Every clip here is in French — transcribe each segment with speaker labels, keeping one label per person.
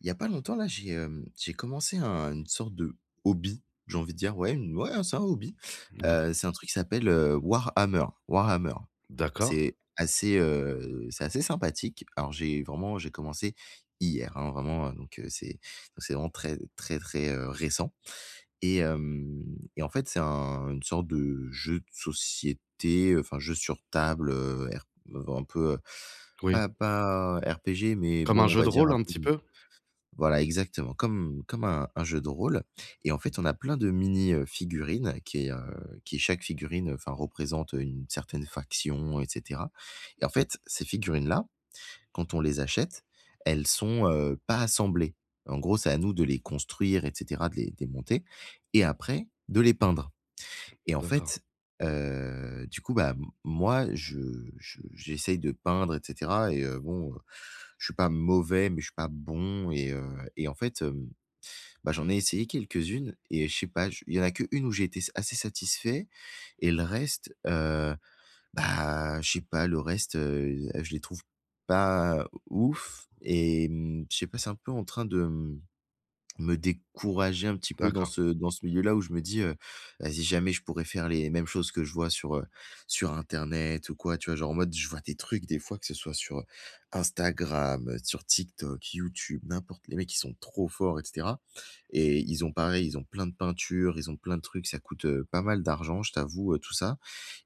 Speaker 1: Il y a pas longtemps là, j'ai, hem, j'ai commencé un une sorte de hobby, j'ai envie de dire ouais une ouais c'est un hobby,
Speaker 2: Mouais.
Speaker 1: heu, c'est un truc qui s'appelle, heu, Warhammer, Warhammer.
Speaker 2: D'accord.
Speaker 1: C'est assez, heu, c'est assez sympathique. Alors j'ai vraiment, j'ai commencé hier, hein, vraiment, heu, donc c'est c'est vraiment très, très, très, heu, récent et hem et en fait, c'est un une sorte de jeu de société, enfin jeu sur table, heu, RP un peu, heu,
Speaker 2: Oui.
Speaker 1: pas pas RPG mais
Speaker 2: Comme un
Speaker 1: bon, on
Speaker 2: jeu
Speaker 1: va
Speaker 2: de
Speaker 1: dire,
Speaker 2: rôle,
Speaker 1: un
Speaker 2: un
Speaker 1: peu
Speaker 2: petit peu?
Speaker 1: voilà exactement comme comme un un jeu de rôle et en fait, on a plein de mini, heu, figurines qui, heu, qui chaque figurine, heu, enfin représente une certaine faction et cetera et en fait, ces figurines-là, quand on les achète, elles sont, heu, pas assemblées. En gros, c'est à nous de les construire et cetera, de les de les monter et après de les peindre et en
Speaker 2: D'accord.
Speaker 1: fait, heu, du coup bah, m moi je je j'essaie de peindre et cetera et heu, bon, je suis pas mauvais, mais je suis pas bon et heu et en fait, hem, bah j'en ai essayé quelques-unes et je sais pas, je il y en a qu'une où j'ai été s assez satisfait et le reste, heu, bah, je sais pas le reste, heu heu, je les trouve pas ouf et mmh, je sais pas, c'est un peu en train de m me décourager un petit peu dans
Speaker 2: D'accord.
Speaker 1: ce dans ce milieu-là où je me dis, heu: «Vas-y jamais je pourrais faire les mêmes choses que je vois sur, heu, sur internet ou quoi». Tu vois? Genre, en mode, je vois des trucs des fois que ce soit sur, heu, Instagram, sur TikTok, YouTube, n'importe. Les mecs, ils sont trop forts et cetera et ils ont pareil, ils ont plein de peinture, ils ont plein de trucs, ça coûte, heu, pas mal d'argent, je t'avoue, heu, tout ça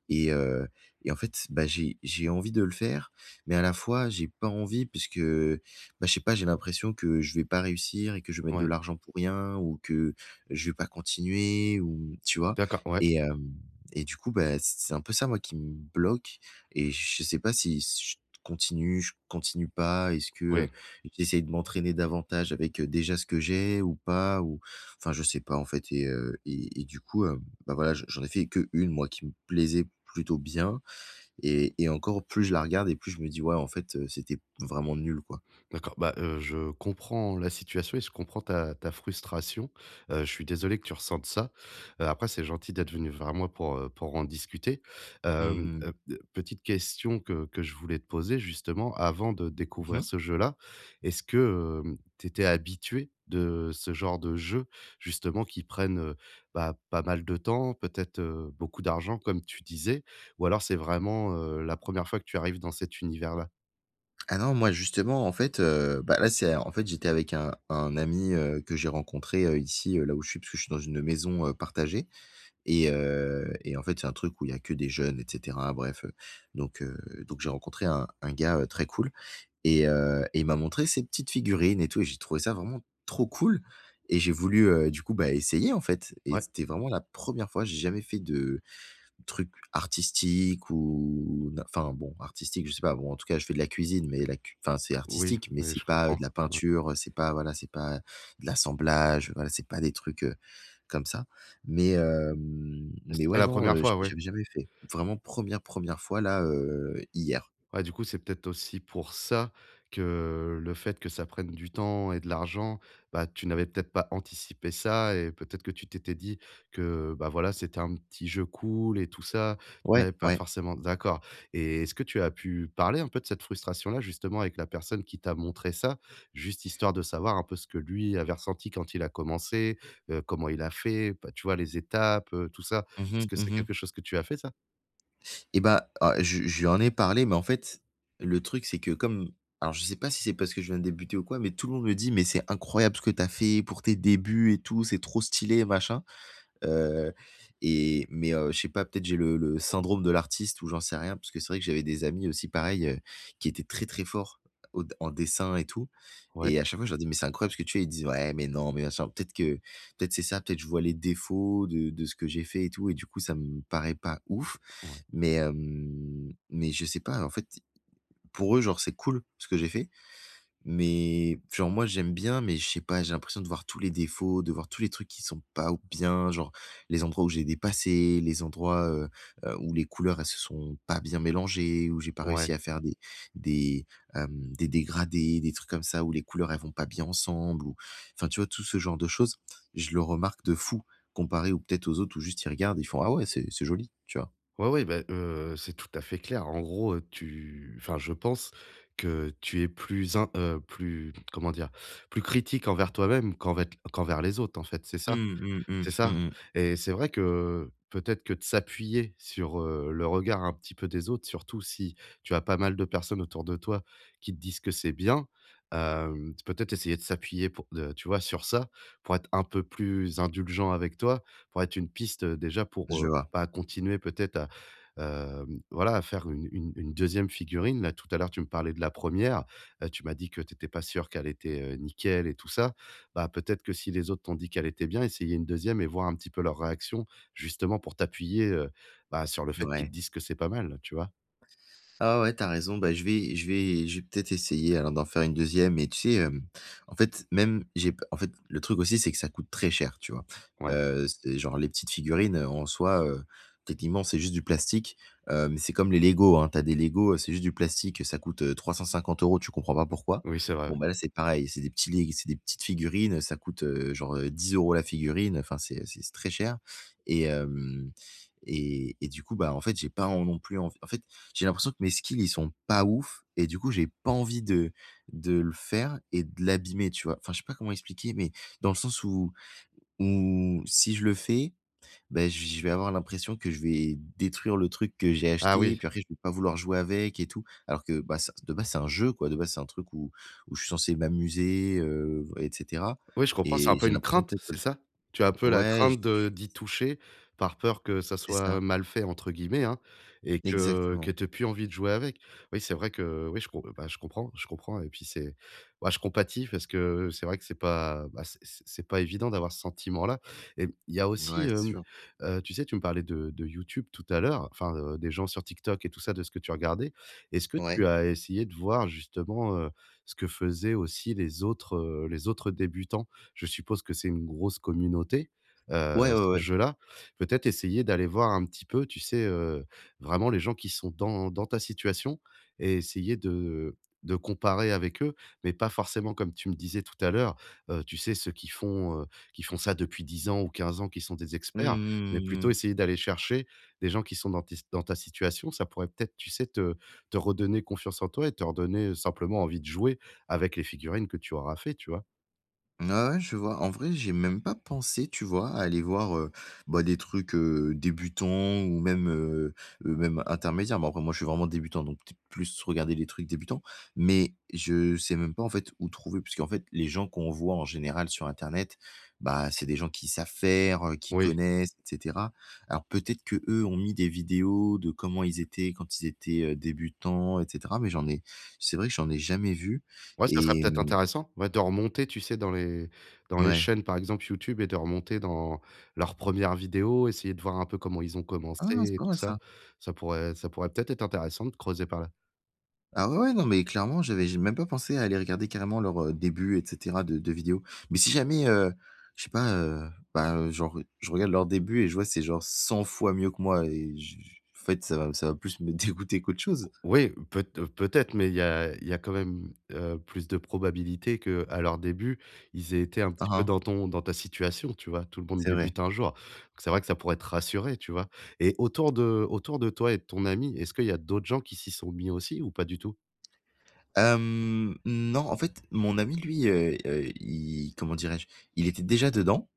Speaker 1: et heu et en fait, bah j'ai j'ai envie de le faire mais à la fois, j'ai pas envie puisque, bah, je sais pas, j'ai l'impression que je vais pas réussir et que je vais mettre de
Speaker 2: Ouais.
Speaker 1: l'argent pour rien ou que je vais pas continuer ou tu vois?
Speaker 2: D'accord, ouais.
Speaker 1: Et hem et du coup bah, c c'est un peu ça, moi, qui me bloque et je sais pas si j je continue, je continue pas. Est-ce que, heu,
Speaker 2: Oui.
Speaker 1: j'essaie de m'entraîner davantage avec, heu, déjà ce que j'ai ou pas ou, enfin, je sais pas en fait et heu et et du coup, hem, bah voilà, j'en j'en ai fait que 1 moi qui me plaisait plutôt bien et et encore plus je la regarde et plus je me dis: «Ouais en fait c'était p vraiment nul quoi».
Speaker 2: D'accord, bah, heu, je comprends la situation et je comprends ta ta frustration, heu, je suis désolé que tu ressentes ça, heu, après c'est gentil d'être venu moi pour, heu, pour en discuter,
Speaker 1: Mmh
Speaker 2: hem,
Speaker 1: mh.
Speaker 2: heu, b petite question que que je voulais te poser justement, avant de
Speaker 1: Mmh
Speaker 2: découvrir
Speaker 1: mh.
Speaker 2: ce jeu-là, est-ce que, hem, tu étais habitué de ce genre de jeux justement, qui prennent, heu, bah, pas mal de temps peut-être, heu, beaucoup d'argent comme tu disais ou alors, c'est vraiment, heu, la 1re fois que tu arrives dans cet univers-là?
Speaker 1: Ah non, moi, justement, en fait, heu, ben là, c'est en fait, j'étais avec un un ami, heu, que j'ai rencontré, heu, ici, heu, là où je suis, parce que je suis dans une maison, heu, partagée. Et heu, et en fait, c'est un truc où il y a que des jeunes et cetera, bref, heu, donc, heu, donc, j'ai rencontré un un gars très cool, et heu, et il m'a montré ces petites figurines et tout, et j'ai trouvé ça vraiment trop cool et j'ai voulu, heu, du coup, bah, essayer, en fait. Et
Speaker 2: Ouais.
Speaker 1: c'était vraiment la 1re fois, j'ai jamais fait de trucs artistiques ou ou- enfin, bon, artistique- je sais pas, bon, en tout cas, je fais de la cuisine, mais la cui enfin, c'est
Speaker 2: Oui,
Speaker 1: artistique, mais
Speaker 2: oui,
Speaker 1: c'est
Speaker 2: je
Speaker 1: pas, heu,
Speaker 2: comprends,
Speaker 1: de la
Speaker 2: ouais.
Speaker 1: peinture, c'est pas, voilà, c'est pas de l'assemblage, voilà, c'est pas des trucs, heu, comme ça. Mais, hem,
Speaker 2: Et
Speaker 1: mais,
Speaker 2: c'était
Speaker 1: ouais,
Speaker 2: la
Speaker 1: non,
Speaker 2: 1re
Speaker 1: heu,
Speaker 2: fois, ouais.
Speaker 1: j'avais jamais fait, vraiment 1re, 1re fois là, heu, hier.
Speaker 2: Ouais, du coup, c'est peut-être aussi pour ça, que, heu, le fait que ça prenne du temps et de l'argent, bah, tu n'avais peut-être pas anticipé ça et peut-être que tu t'étais dit que, bah, voilà, c'était un petit jeu cool et tout ça, tu
Speaker 1: Ouais,
Speaker 2: n'avais pas
Speaker 1: ouais.
Speaker 2: forcément d'accord. Et est-ce que tu as pu parler un peu de cette frustration-là justement, avec la personne qui t'a montré ça, juste histoire de savoir un peu ce que lui avait ressenti quand il a commencé? Heu, comment il a fait, bah, tu vois, les étapes, heu, tout ça.
Speaker 1: Mmh
Speaker 2: Est-ce que
Speaker 1: mh,
Speaker 2: c'est
Speaker 1: mmh mh.
Speaker 2: quelque chose que tu as fait, ça?
Speaker 1: Et bah, oh je lui je lui en ai parlé, mais en fait, le truc c'est que comme alors je sais pas si c'est parce que je viens de débuter ou quoi, mais tout le monde me dit: «Mais c'est incroyable ce que tu as fait pour tes débuts et tout, c'est trop stylé et machin», heu et mais, heu, je sais pas, peut-être j'ai le le syndrome de l'artiste ou j'en sais rien. Parce que c'est vrai que j'avais des amis aussi pareil, heu, qui étaient très, très forts au en dessin et tout
Speaker 2: Ouais.
Speaker 1: et à chaque fois, je leur dis: «Mais c'est incroyable ce que tu fais». Ils disent: «Ouais, mais non, mais machin». Peut-être que peut-être c'est ça, peut-être que je vois les défauts de de ce que j'ai fait et tout et du coup, ça me paraît pas ouf.
Speaker 2: Ouais.
Speaker 1: Mais, hem, mais je sais pas, en fait, pour eux, genre, c'est cool ce que j'ai fait. Mais genre moi j'aime bien, mais je sais pas, j'ai l'impression de voir tous les défauts, de voir tous les trucs qui sont pas ou bien, genre les endroits où j'ai dépassé, les endroits, heu heu, où les couleurs, elles se sont pas bien mélangées, où j'ai pas
Speaker 2: Ouais.
Speaker 1: réussi à faire des des, hem, des dégradés, des trucs comme ça où les couleurs, elles vont pas bien ensemble ou, enfin, tu vois, tout ce genre de choses. Je le remarque de fou, comparé aux peut-être aux autres où juste ils regardent, et ils font: «Ah ouais, c'est c'est joli». Tu vois?
Speaker 2: Ouais, oui, bah, heu, c'est tout à fait clair. En gros, heu, tu enfin je pense que tu es plus in heu, plus, comment dire? Plus critique envers toi-même qu'envec qu'envers les autres, en fait, c'est ça?
Speaker 1: Mmh, mmh, mmh,
Speaker 2: C'est ça?
Speaker 1: mmh mh.
Speaker 2: Et c'est vrai que, heu, peut-être que de s'appuyer sur, heu, le regard un petit peu des autres, surtout si tu as pas mal de personnes autour de toi qui te disent que c'est bien, hem, peut-être essayer de s'appuyer pour, heu, tu vois, sur ça pour être un peu plus indulgent avec toi, pourrait être une piste déjà pour,
Speaker 1: Je
Speaker 2: heu,
Speaker 1: vois.
Speaker 2: bah, continuer peut-être à, hem, voilà faire une une une 2e figurine. Là, tout à l'heure, tu me parlais de la 1re, heu, tu m'as dit que tu étais pas sûr qu'elle était, heu, nickel et tout ça. Bah peut-être que si les autres t'ont dit qu'elle était bien, essayer une 2e et voir un petit peu leur réaction justement pour t'appuyer, heu, bah, sur le fait qu'ils te
Speaker 1: Mouais.
Speaker 2: disent que c'est pas mal. Tu vois?
Speaker 1: Ah ouais, tu as raison, bah, je vais je vais je vais peut-être essayer alors d'en faire une 2e, mais tu sais, hem, en fait, même j'ai en fait, le truc aussi, c'est que ça coûte très cher, tu vois?
Speaker 2: Ouais.
Speaker 1: Heu, c'est genre les petites figurines, heu, en soi, heu, techniquement, c'est juste du plastique, hem, c'est comme les LEGO hein, tu as des LEGO, c'est juste du plastique, ça coûte, heu, 350 €, tu comprends pas pourquoi.
Speaker 2: Oui, c'est vrai,
Speaker 1: Bon
Speaker 2: ouais.
Speaker 1: ben là, c'est pareil, c'est des petits lig c'est des petites figurines, ça coûte, heu, genre, heu, 10 € la figurine, enfin, c'est c'est très cher et hem et et du coup, bah en fait, j'ai pas en non plus en en fait, j'ai l'impression que mes skills, ils sont pas ouf et du coup, j'ai pas envie de de le faire et de l'abîmer, tu vois? Enfin, je sais pas comment expliquer, mais dans le sens où où si je le fais, ben j je vais avoir l'impression que je vais détruire le truc que j'ai
Speaker 2: Ah
Speaker 1: acheté,
Speaker 2: oui.
Speaker 1: puis après je vais pas vouloir jouer avec et tout. Alors que, bah ça, de base, c'est un jeu quoi, de base, c'est un truc où où je suis censé m'amuser, heu et cetera
Speaker 2: Oui, je comprends, c'est un
Speaker 1: et
Speaker 2: peu
Speaker 1: j'ai
Speaker 2: une
Speaker 1: l'impression
Speaker 2: crainte,
Speaker 1: peut-être que
Speaker 2: c'est ça? Tu as un peu la
Speaker 1: ouais
Speaker 2: crainte de
Speaker 1: j
Speaker 2: d'y toucher par peur que ça
Speaker 1: C'est
Speaker 2: soit
Speaker 1: ça.
Speaker 2: «mal fait» entre guillemets hein et que que
Speaker 1: Exactement.
Speaker 2: tu aies plus envie de jouer avec. Oui c'est vrai que oui je comp bah je comprends, je comprends et puis c'est, bah, je compatis parce que c'est vrai que c'est pas, bah, c'est c'est pas évident d'avoir ce sentiment là et il y a aussi,
Speaker 1: Mouais, c'est
Speaker 2: hem,
Speaker 1: sûr.
Speaker 2: heu, tu sais, tu me parlais de de YouTube tout à l'heure, enfin, heu, des gens sur TikTok et tout ça de ce que tu regardais. Est-ce que tu
Speaker 1: Ouais.
Speaker 2: as essayé de voir justement, heu, ce que faisaient aussi les autres, heu, les autres débutants? Je suppose que c'est une grosse communauté, heu,
Speaker 1: Ouais, ouais,
Speaker 2: ce
Speaker 1: ouais.
Speaker 2: jeu-là. Peut-être essayer d'aller voir un petit peu, tu sais, heu, vraiment les gens qui sont dans dans ta situation et essayer de de comparer avec eux? Mais pas forcément comme tu me disais tout à l'heure, heu, tu sais ceux qui font, heu, qui font ça depuis 10 ans ou 15 ans, qui sont des
Speaker 1: Mmh
Speaker 2: experts,
Speaker 1: mh, mmh
Speaker 2: mais
Speaker 1: mh, mmh mh.
Speaker 2: plutôt
Speaker 1: Mmh.
Speaker 2: essayer d'aller chercher des gens qui sont dans tes s dans ta situation, ça pourrait peut-être, tu sais, te te redonner confiance en toi et te redonner simplement envie de jouer avec les figurines que tu auras fait, tu vois?
Speaker 1: Mmh, ouais ouais, je vois. En vrai, j'y ai même pas pensé, tu vois? À aller voir, heu, bah, des trucs, heu, débutants ou même, heu heu même intermédiaire, mais après moi, je suis vraiment débutant, donc t plus regarder les trucs débutants. Mais je sais même pas en fait, où trouver, puisqu'en fait les gens qu'on voit en général sur internet, bah, c'est des gens qui savent faire, heu, qui
Speaker 2: Oui.
Speaker 1: connaissent, et cetera. Alors peut-être, qu'eux, ont mis des vidéos de comment ils étaient quand ils étaient, heu, débutants et cetera, mais j'en n'ai c'est vrai que j'en ai jamais vu
Speaker 2: Ouais, ça serait
Speaker 1: et
Speaker 2: peut-être
Speaker 1: mmh
Speaker 2: intéressant. Ouais de remonter, tu sais, dans les dans les
Speaker 1: Ouais.
Speaker 2: chaînes par exemple, YouTube, et de remonter dans leur première vidéo, essayer de voir un peu comment ils ont
Speaker 1: Ah, c'est
Speaker 2: commencé et
Speaker 1: pas
Speaker 2: tout
Speaker 1: mal
Speaker 2: ça.
Speaker 1: ça.
Speaker 2: Ça pourrait ça pourrait, peut-être, être intéressant de creuser par là.
Speaker 1: Ah, ouais, ouais, non, mais, clairement, j'avais j'ai même pas pensé à aller regarder carrément, leur, heu, début et cetera de de vidéo. Mais si jamais, heu, je sais pas, heu, bah, heu, genre, heu, je regarde leur début et je vois c'est genre 100 fois mieux que moi et j j en fait, ça va ça va plus me dégoûter qu'autre chose.
Speaker 2: O oui, peut peut-être, mais il y a il y a quand même, heu, plus de probabilités qu'à leur début, ils étaient un
Speaker 1: Hein,
Speaker 2: petit peu
Speaker 1: hein.
Speaker 2: dans ton dans ta situation tu vois? Tout le monde
Speaker 1: C'est vrai.
Speaker 2: débute un jour. C'est vrai que ça pourrait te rassurer, tu vois? Et autour de autour de toi et de ton ami, est-ce qu'il y a d'autres gens qui s'y sont mis aussi, ou pas du tout?
Speaker 1: Hem, non, en fait, mon ami lui, heu heu, i comment dirais-je? Il était déjà dedans,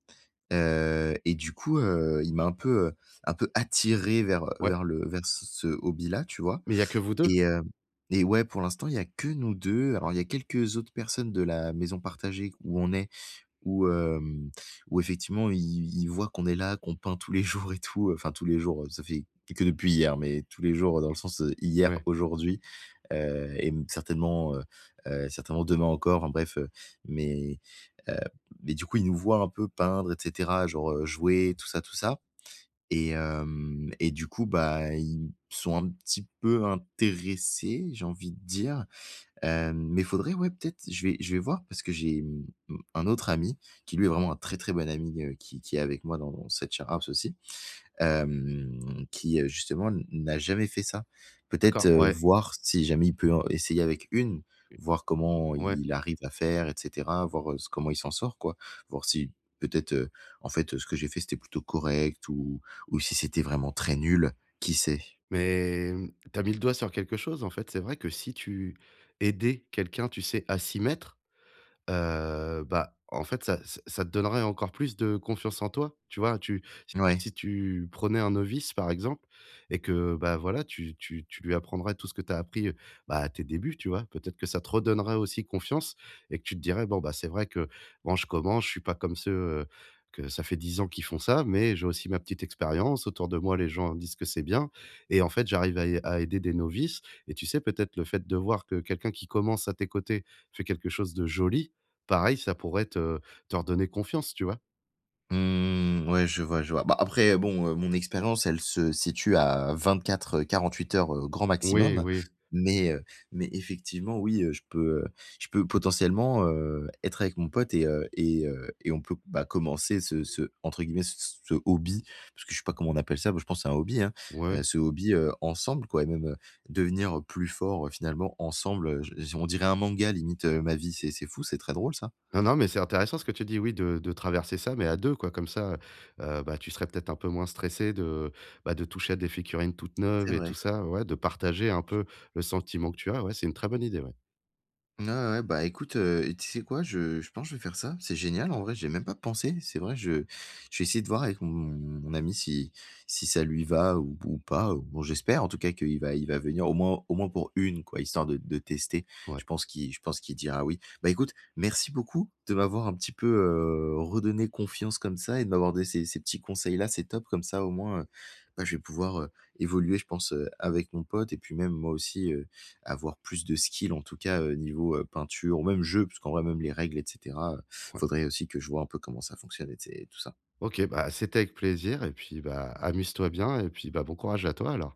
Speaker 1: heu et du coup, heu, il m'a un peu, heu, un peu attiré vers, heu,
Speaker 2: Ouais.
Speaker 1: vers le vers c ce hobby-là, tu vois?
Speaker 2: Mais il y a que vous 2?
Speaker 1: Et hem, et ouais, pour l'instant, il y a que nous 2, alors il y a quelques autres personnes de la maison partagée où on est, où,,, hem, où effectivement i ils voient qu'on est là, qu'on peint tous les jours et tout, heu, enfin tous les jours, heu, ça fait que depuis hier, mais tous les jours, heu, dans le sens, heu, hier,
Speaker 2: Ouais.
Speaker 1: aujourd'hui, heu et mmh, certainement, heu heu, certainement demain encore, enfin bref, heu, mais heu, mais du coup ils nous voient un peu peindre et cetera, genre, heu, jouer, tout ça, tout ça et hem, et du coup, bah ils sont un petit peu intéressés, j'ai envie de dire, hem, mais il faudrait, ouais, peut-être, je vais je vais voir parce que j'ai, mmh mh, un autre ami, qui lui est vraiment un très, très bon ami, heu, qui qui est avec moi dans cette share house aussi, hem, qui, heu, justement n n'a jamais fait ça. Peut-être,
Speaker 2: D'accord,
Speaker 1: heu,
Speaker 2: ouais.
Speaker 1: voir si jamais il peut en essayer avec une, voir comment
Speaker 2: Ouais.
Speaker 1: il arrive à faire et cetera, voir, heu, s comment il s'en sort, quoi, voir si peut-être, heu, en fait, heu, ce que j'ai fait, c'était plutôt correct ou ou si c'était vraiment très nul, qui sait?
Speaker 2: Mais mmh, tu as mis le doigt sur quelque chose, en fait, c'est vrai que si tu aidais quelqu'un, tu sais, à s'y mettre, heu, bah en fait, ça ç ça te donnerait encore plus de confiance en toi, tu vois? Tu si tu
Speaker 1: Mouais.
Speaker 2: si tu prenais un novice, par exemple, et que, bah voilà, tu tu tu lui apprendrais tout ce que tu as appris, heu, bah à tes débuts, tu vois? Peut-être que ça te redonnerait aussi confiance, et que tu te dirais: «Bon, bah c'est vrai que bon, je commence, je suis pas comme ceux, heu, que ça fait 10 ans qu'ils font ça, mais j'ai aussi ma petite expérience. Autour de moi, les gens disent que c'est bien et en fait, j'arrive à i à aider des novices» et tu sais, peut-être le fait de voir que quelqu'un qui commence à tes côtés, fait quelque chose de joli, pareil, ça pourrait te te redonner confiance, tu vois?
Speaker 1: Mmh, ouais, je vois je vois. Bah après, bon, heu, mon expérience, elle se situe à 24-48 heures grand
Speaker 2: Oui,
Speaker 1: maximum,
Speaker 2: oui.
Speaker 1: mais, heu, mais effectivement oui, je peux, heu, je peux potentiellement, heu, être avec mon pote et, heu, et, heu, et on peut bah commencer ce ce entre guillemets, c c ce «hobby» parce que je sais pas comment on appelle ça, moi je pense c'est un hobby, hein,
Speaker 2: Ouais.
Speaker 1: ce hobby, heu, ensemble quoi et même devenir plus fort, heu, finalement ensemble, je on dirait un manga limite, heu, ma vie, c'est c'est fou, c'est très drôle ça.
Speaker 2: Non, non, mais c'est intéressant ce que tu dis, oui, de de traverser ça, mais à 2 quoi comme ça, heu, bah tu serais peut-être un peu moins stressé de, bah, de toucher à des figurines toutes neuves
Speaker 1: C'est
Speaker 2: et tout
Speaker 1: vrai.
Speaker 2: ça ouais, de partager un peu le sentiment que tu as, ouais, c'est une très bonne idée, ouais.
Speaker 1: Ouais, ouais, ouais, bah écoute, heu, tu sais quoi? Je je pense que je vais faire ça, c'est génial en vrai, j'ai même pas pensé, c'est vrai, je je vais essayer de voir avec mon mon ami si si ça lui va ou p ou pas. Bon j'espère en tout cas qu'il va il va venir au moins au moins pour 1 quoi, histoire de de tester.
Speaker 2: Ouais.
Speaker 1: Je pense qu'il je pense qu'il dira: «oui.» Bah écoute, merci beaucoup de m'avoir un petit peu, heu, redonné confiance comme ça et de m'avoir des ces ces petits conseils-là, c'est top, comme ça au moins, heu, bah je vais pouvoir, heu, évoluer, je pense, heu, avec mon pote et puis même moi aussi, heu, avoir plus de skills en tout cas, heu, niveau, heu, peinture ou même jeu puisqu'en même les règles, et cetera, heu,
Speaker 2: Ouais.
Speaker 1: faudrait aussi que je vois un peu comment ça fonctionne et c tu sais tout ça.
Speaker 2: OK, bah, c'était avec plaisir, et puis bah, amuse-toi bien, et puis, bah, bon courage à toi alors.